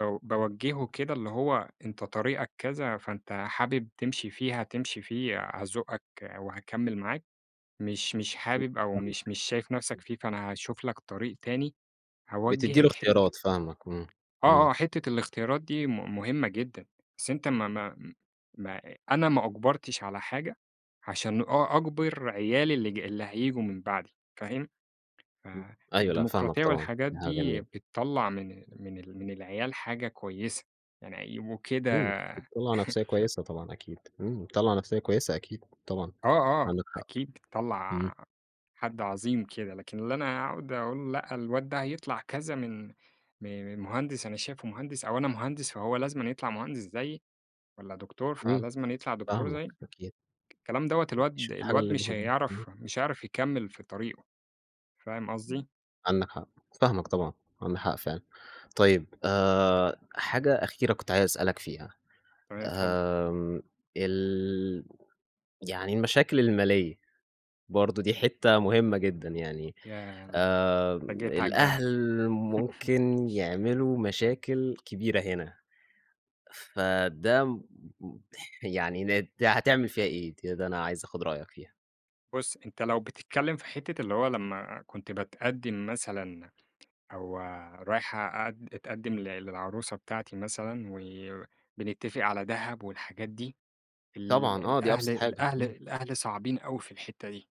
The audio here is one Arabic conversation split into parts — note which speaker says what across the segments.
Speaker 1: باو باوجهه كده اللي هو أنتَ طريقك كذا، فأنت حابب تمشي فيه، هتمشي فيه، هازُقك وهاكمل معاك. مش مش
Speaker 2: [unintelligible]
Speaker 1: حابب، أو
Speaker 2: فاهمك.
Speaker 1: مش مش شايف نفسك
Speaker 2: امم.
Speaker 1: فيه، فأنا هاشوف لَك طريق تاني.
Speaker 2: بتدي له
Speaker 1: هاوجهك حتة ال
Speaker 2: اختيارات، فاهمك. امم،
Speaker 1: آه،
Speaker 2: امم.
Speaker 1: آه، حتة الاختيارات دي م م مهمة جدًا. بس أنتَ ما-ما ما أ أنا ما أُجبرتش على حاجة، عشان أ أَجبر عيالي اللي ج اللي هييجوا من بعدي، فاهم؟
Speaker 2: امم، أيوه، لأ فاهمك
Speaker 1: فالديمقراطية
Speaker 2: طبعًا.
Speaker 1: والحاجات
Speaker 2: دي حاجة
Speaker 1: دي
Speaker 2: جميلة!
Speaker 1: بتطلّع من من ال من العيال حاجة كويسة، يعني هيبقوا
Speaker 2: امم،
Speaker 1: كده
Speaker 2: بتطلّع نفسية كويسة طبعًا، أكيد. امم، بتطلّع نفسية كويسة أكيد. طبعًا،
Speaker 1: آه، آه،
Speaker 2: عندك حق.
Speaker 1: أكيد
Speaker 2: امم.
Speaker 1: بتطلّع حد عظيم كده. لكن اللي أنا هاقعد أقول لأ، الواد ده هيطلع كذا من م م مهندس أنا شايفه مهندس أو أنا مهندس، فهو لازمًا يطلَع مهندس زيي والّا دكتور
Speaker 2: امم،
Speaker 1: فلازمًا يطلَع دكتور
Speaker 2: فاهمك
Speaker 1: زيي،
Speaker 2: أكيد.
Speaker 1: الكلام دوَّة
Speaker 2: [unintelligible]
Speaker 1: الواد
Speaker 2: تشوف الحاجة
Speaker 1: الواد مش
Speaker 2: اللي [unintelligible] امم.
Speaker 1: هيعرف، مش هيعرف يكَّمل في طريقه، فاهم
Speaker 2: امم،
Speaker 1: قصدي؟
Speaker 2: عندك حق. فاهمك طبعًا، عندك حق فعلًا. طيب آآ، حاجة أخيرة كنت عايز أسألك فيها،
Speaker 1: تمام، اتفضل.
Speaker 2: آآ ال يعني المشاكل المالية، برضه دي حتة مهمة جدًا يعني.
Speaker 1: ياه!
Speaker 2: آآ
Speaker 1: أنت جيت على الجرح.
Speaker 2: الأهل ممكن يعملوا مشاكل كبيرة هنا. فده م يعني نت هتعمل فيها إيه ده أنا عايز آخد رأيك فيها؟
Speaker 1: بُص، أنتَ لو بتتكلم في حتة اللي هو لما كنت باتقدم مثلًا أو رايح أقد أتقدم للعروسة بتاعتي مثلًا، وبنتفق على دهب والحاجات دي، ال
Speaker 2: طبعًا. آه دي
Speaker 1: الأهل
Speaker 2: أبسط حاجة.
Speaker 1: الأهل
Speaker 2: امم.
Speaker 1: الأهل صعبين أوي في الحتة دي.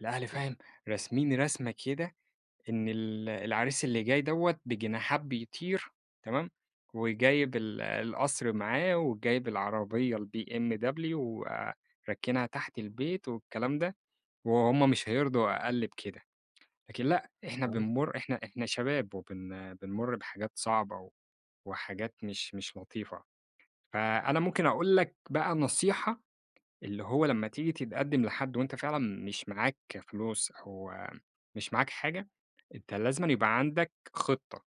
Speaker 1: الأهل
Speaker 2: امم.
Speaker 1: فاهم، راسمين رسمة كده، إن ال العريس اللي جاي دوَّة بجناحات بيطير، تمام، وجايب ال القصر معاه وجايب العربية BMW وراكنها تحت البيت والكلام ده، وهم مش
Speaker 2: امم
Speaker 1: هيرضوا أقل بكده. لكن لأ إحنا
Speaker 2: آه.
Speaker 1: بنمر إحنا إحنا شباب وبن بنمر بحاجات صعبة وحاجات مش مش لطيفة. فأنا
Speaker 2: [unintelligible]
Speaker 1: ممكن أقول لك بقى نصيحة، اللي هو لما تيجي تتقدم لحد وأنتَ فعلًا مش معاك فلوس أو مش معاك حاجة، أنتَ لازمًا يبقى عندك خطة.